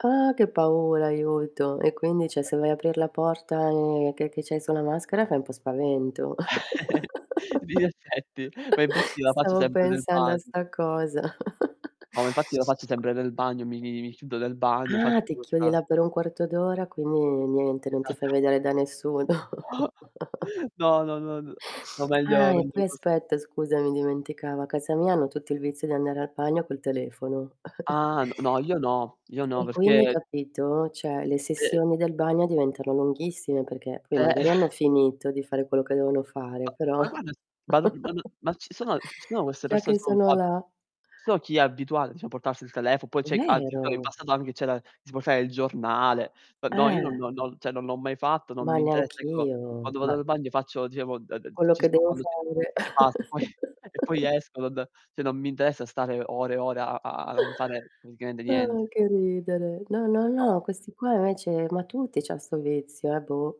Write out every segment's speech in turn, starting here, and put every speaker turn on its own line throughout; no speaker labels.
Ah! Che paura aiuto e quindi cioè, se vai aprir la porta, uhm, che che c'hai su na maschera fai un po' spavento.
Di in effetti. Ma infatti la faccio
Stavo
sempre nel
pensando a
bagno.
sta cosa.
No, ma infatti la faccio sempre nel bagno, mi mi mi mi chiudo nel bagno, faccio
Ah! Ti chiudi
questa
là per un quarto d'ora quindi niente, non ti fai
Esatto.
vedere da nessuno.
No, no, no, no n no, meglio
Ah, e
meglio
poi
così.
aspetta scusami dimenticavo a casa mia hanno tutti il vizio di andare al bagno col telefono.
Ah, n no, io no, io no,
E quindi,
perché
capito? Cioè, le
E
sessioni del bagno diventano lunghissime perché poi
Eh
magari hanno finito di fare quello che devono fare però
Ma guarda, ban ma n ma ci sono ci sono queste
già
persone,
che
sono un
sono
po'ab
là.
so chi è abituato diciamo portarsi il telefono, poi c'è [unintelligible] in
Vero?
passato anche c'era si portava, il giornale. N no, io no non
Eh!
non non, cioè non l'ho mai fatto, non
Ma
mi interessa. Ecco,
neanch'io,
quando vado
ma
al bagno faccio diciamo [unintelligible]
quello
ci
che
sto
devo
quando di
fare.
e basta, e poi e poi esco d d cioè, non mi interessa stare ore e ore a a a non fare praticamente
Ah!
niente.
che ridere! No, no,
No.
no, questi qua invece ma tutti c'han sto vizio, eh, boh.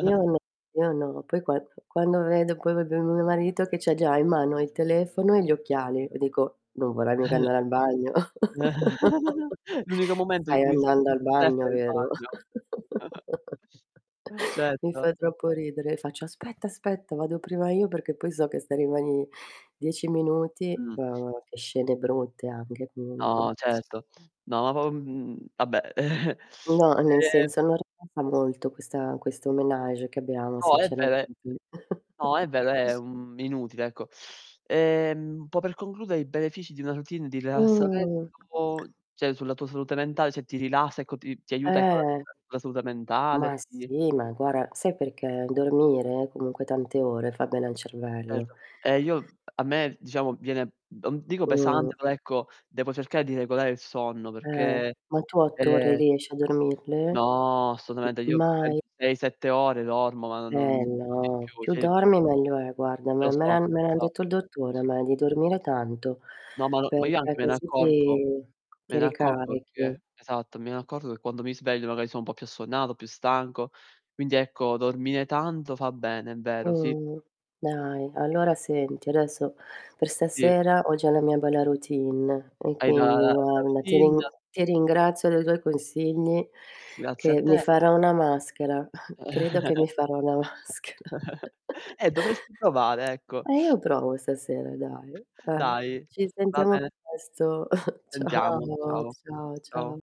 Io n io no. Poi qua quando vedo poi proprio mio marito che c'ha già in mano il telefono e gli occhiali, io dico: "Non vorrai mica andare al bagno?"
L'unico momento in
"Stai
cui
andando al
[unintelligible]
bagno
telefono è il
vero?"
bagno.
Mi fa
Certo.
troppo ridere e faccio: "Aspetta, aspetta vado prima io perché poi so che stai rimani 10 minuti"
Mh.
[unintelligible] che scende brutte anche comunque.
No, certo. No, ma p mhmm, vabbè,
No, nel
uhm
senso [unintelligible] molto questa questo ménage che abbiamo
No, è
sinceramente.
vero è no, è vero è, mhmm, inutile ecco. Ehm, un po' per concludere i benefici di una routine di
Mh.
rilassamento, cioè sulla tua salute mentale, cioè ti rilassa, ecco ti ti aiuta ecco la
Eh!
la salute
Ma
mentale, ti
sì, ma guarda, sai perché? Dormire comunque tante ore fa bene al cervello.
Certo. E io a me diciamo, viene m non dico
Mh-mh.
pesante, però ecco, devo cercare di regolare il sonno
Eh.
perché,
Ma tu 8 ore
ehm
riesci a dormirle?
No, assolutamente
M
io
mai?
penso 6, 7 ore dormo, ma non non
Eh
di
no,
più,
più
cioè
dormi meglio è guarda,
Lo
me me
so,
l'han me
lo
l'ha
so.
detto il dottore a me di dormire tanto,
No, ma n ma io
perché
anche me ne
così
accorgo,
ti
me
ti
ne accorgo
ricarichi.
perché esatto, me ne accorgo che quando mi sveglio magari sono un po' più assonnato, più stanco. Quindi ecco, dormire tanto fa bene, è vero, sì.
Mh, dai allora senti adesso per
Sì.
stasera ho già la mia bella routine e
Hai la
quindi
la la
guarda, ti
routine?
rin ti ringrazio dei tuoi consigli
Grazie a
che mi
te.
farò una maschera, credo che mi farò una maschera.
Eh, dovresti provare, ecco.
Eh, io provo stasera dai, eh.
Dai,
Ci
va
sentiamo
bene.
presto.
Sentiamo,
Ciao,
ciao.
ciao, ciao.
Ciao.